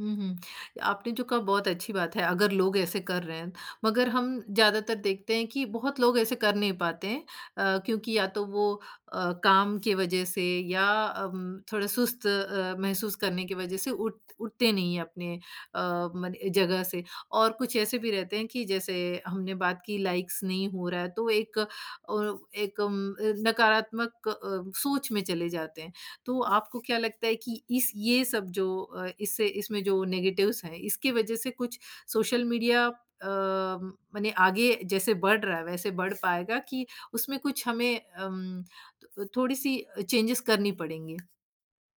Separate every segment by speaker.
Speaker 1: हुँ, हुँ। आपने जो कहा बहुत अच्छी बात है अगर लोग ऐसे कर रहे हैं, मगर हम ज़्यादातर देखते हैं कि बहुत लोग ऐसे कर नहीं पाते हैं। अ, क्योंकि या तो वो अ, काम की वजह से या अम, थोड़ा सुस्त अ, महसूस करने की वजह से उठ उठते नहीं हैं अपने अ, मन जगह से, और कुछ ऐसे भी रहते हैं कि जैसे हमने बात की लाइक्स नहीं हो रहा है तो एक ओ एक उम, अ, नकारात्मक सोच में चले जाते हैं। तो आपको क्या लगता है कि इस ये सब जो अ, इससे इसमें जो नेगेटिव्स हैं इसकी वजह से कुछ सोशल मीडिया अम, मने आगे जैसे बढ़ रहा है वैसे बढ़ पाएगा कि उसमें कुछ हमें अम, थोड़ी-सी चेंजेस करनी पड़ेंगी?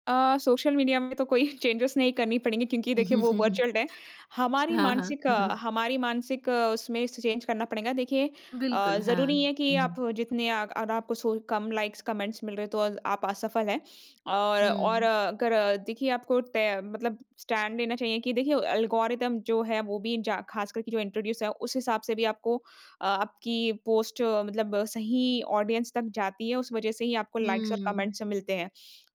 Speaker 2: अ, सोशल मीडिया में तो कोई चैंजेस नहीं करनी पड़ेगी क्योंकि देखिए वो वर्चुअल है। हमारी
Speaker 1: हाँ, हाँ।
Speaker 2: मानसिक हमारी मानसिक उसमें स च चैन्ज करना पड़ेगा। देखिए अ,
Speaker 1: बिल्कुल, हाँ।
Speaker 2: ज़रूरी है कि आप
Speaker 1: हुँ।
Speaker 2: जितने अग अगर आपको सो कम लाइक्स कमेंट्स मिल रहे हैं तो अ, आप असफल हैं और और
Speaker 1: हुँ।
Speaker 2: अगर देखिए आपको टै मतलब स्टैंड लेना चाहिए कि देखिए एल्गोरिदम जो है वो भी जा ख़ास करके जो इंट्रोड्यूस है उस हिसाब से भी आपको अ, आपकी पोस्ट मतलब सही ऑडियंस तक जाती है उस वजह से ही आपको लाइक्स और
Speaker 1: हुँ।
Speaker 2: कमेंट्स मिलते हैं।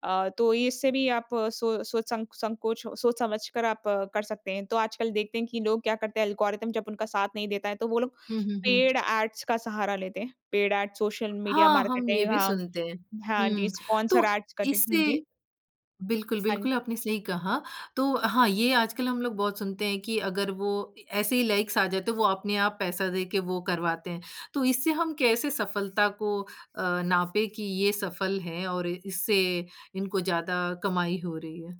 Speaker 2: अ, तो इससे भी आप सो सोच संक संकोच सोच समझ कर आप कर सकते हैं। तो आजकल देखते हैं कि लोग क्या करते हैं एल्गोरिथम जब उनका साथ नहीं देता है तो वो लोग
Speaker 1: हुँ, हुँ, हुँ।
Speaker 2: पेड़ ऐड्स का सहारा लेते हैं। पेड़ ऐड सोशल मीडिया
Speaker 1: हाँ, हम ये
Speaker 2: मार्केटिंग
Speaker 1: भी
Speaker 2: हाँ,
Speaker 1: सुनते हैं।
Speaker 2: हाँ, जी,
Speaker 1: हुँ,
Speaker 2: स्पॉन्सर
Speaker 1: तो
Speaker 2: ऐड्स का जी, हाँ
Speaker 1: इससे
Speaker 2: जी।
Speaker 1: बिल्कुल,
Speaker 2: हाँ।
Speaker 1: बिल्कुल आपने सही कहा। तो हाँ, ये आजकल हम लोग बहुत सुनते हैं कि अगर वो ए ऐसे ही लाइक्स आ जाते हैं वो अपने आप पैसा दे के वो करवाते हैं। तो इससे हम कैसे सफलता को अ, नापें कि ये सफल है और इससे इनको ज़्यादा कमाई हो रही है?